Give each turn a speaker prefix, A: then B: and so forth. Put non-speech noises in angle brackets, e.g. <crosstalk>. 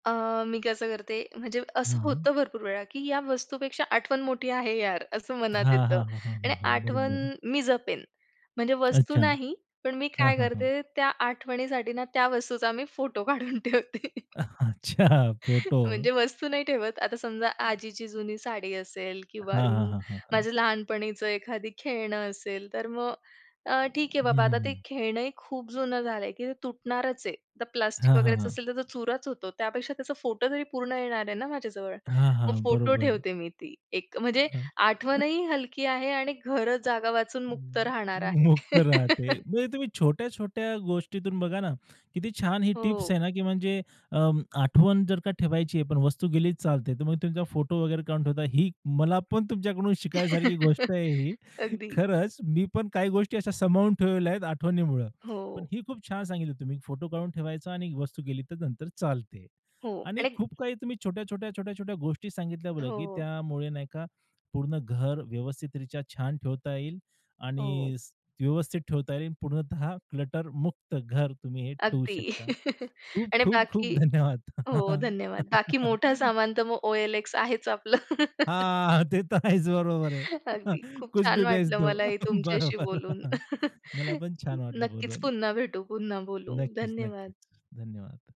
A: अ, मी कसं करते म्हणजे
B: हं,
A: असं
B: हं.
A: होतं भरपूर वेळा, की "या वस्तूपेक्षा आठवण मोठी आहे यार!" असं मनात
B: हां,
A: येतं
B: हां, हां, हां,
A: आणि
B: हां, हां,
A: आठवण
B: बरोबर.
A: मी जपेन म्हणजे वस्तू
B: अच्छा.
A: नाही पण मी
B: हां,
A: काय
B: हां, हां.
A: करते त्या आठवणीसाठी ना त्या वस्तूचा मी फोटो काढून ठेवते.
B: अच्छा
A: <inhales>
B: फोटो.
A: म्हणजे वस्तू नाही ठेवत. आता समजा
B: <inhales>
A: आजीची जुनी साडी असेल किंवा
B: हां, हां,
A: उम्म,
B: हां, हां, हां.
A: माझ्या लहानपणीचं एखादी खेळणं असेल तर मग अ, ठीक आहे
B: हं,
A: बाबा
B: हं,
A: आता ते
B: हं.
A: खेळणंही खूप जुनं झालंय, की ते तुटणारच आहे. आता
B: हां,
A: प्लास्टिक
B: हां,
A: वगैरेचं
B: हां.
A: असेल तर तो चुराच होतो, त्यापेक्षा त्याचा फोटो जरी पूर्ण येणार आहे ना माझ्याजवळ.
B: हां,
A: मग
B: हां,
A: फोटो
B: बरोबर.
A: ठेवते मी ती एक. म्हणजे
B: हं.
A: आठवणही हलकी आहे आणि घर जागा वाचून मुक्त
B: म
A: राहणार आहे.
B: मुक्त राहते.
A: <laughs>
B: म्हणजे तुम्ही छोट्या-छोट्या गोष्टीतून बघा ना, किती छान ही टिप्स
A: हो.
B: आहे ना, की म्हणजे अ, आठवण जर का ठेवायची आहे पण वस्तू गेलीच चालते तर मग तुमचा फोटो वगैरे काढून ठेवता, ही मला पण तुमच्याकडून शिकण्यासारखी गोष्ट
A: <laughs>
B: आहे ही.
A: अगदी.
B: खरंच मी पण काही गोष्टी अशा सांभाळून ठेवलेल्या आहेत आठवणीमुळं. पण
A: हो.
B: ही खूप छान सांगितली तुम्ही फोटो काढून ठेवायचा आणि वस्तू गेली तर नंतर चालते
A: हो
B: आणि
A: आणि
B: खूप काही तुम्ही छोट्या-छोट्या, छोट्या-छोट्या गोष्टी सांगितल्या बघा, की
A: हो.
B: त्यामुळे नाही का पूर्ण घर व्यवस्थित रित्या छान ठेवता येईल
A: हो.
B: आणि स व्यवस्थित ठेवता येईल पूर्णतः क्लटरमुक्त घर तुम्ही हे ठेवू
A: अगदी
B: शकता.
A: <chuckles> आणि
B: खूप-खूप-खूप
A: बाकी
B: धन्यवाद.
A: हो, धन्यवाद. बाकी मोठा
B: <chuckles>
A: सामान तर मग OLX आहेच आपलं. <laughs>
B: हां, ते तर आहेच, बरोबर
A: <inhales> अगदी.
B: आहे
A: खूप
B: कुछ
A: छान
B: भी बेच
A: वाटलं
B: दो,
A: मलाही तुमच्याशी
B: बरोबर.
A: बोलून.
B: <chuckles> मला
A: <chuckles>
B: पण छान वाटलं
A: नक्कीच
B: बोलून.
A: पुन्हा भेटू पुन्हा बोलू.
B: नक्कीच,
A: धन्यवाद.
B: नक्कीच. धन्यवाद.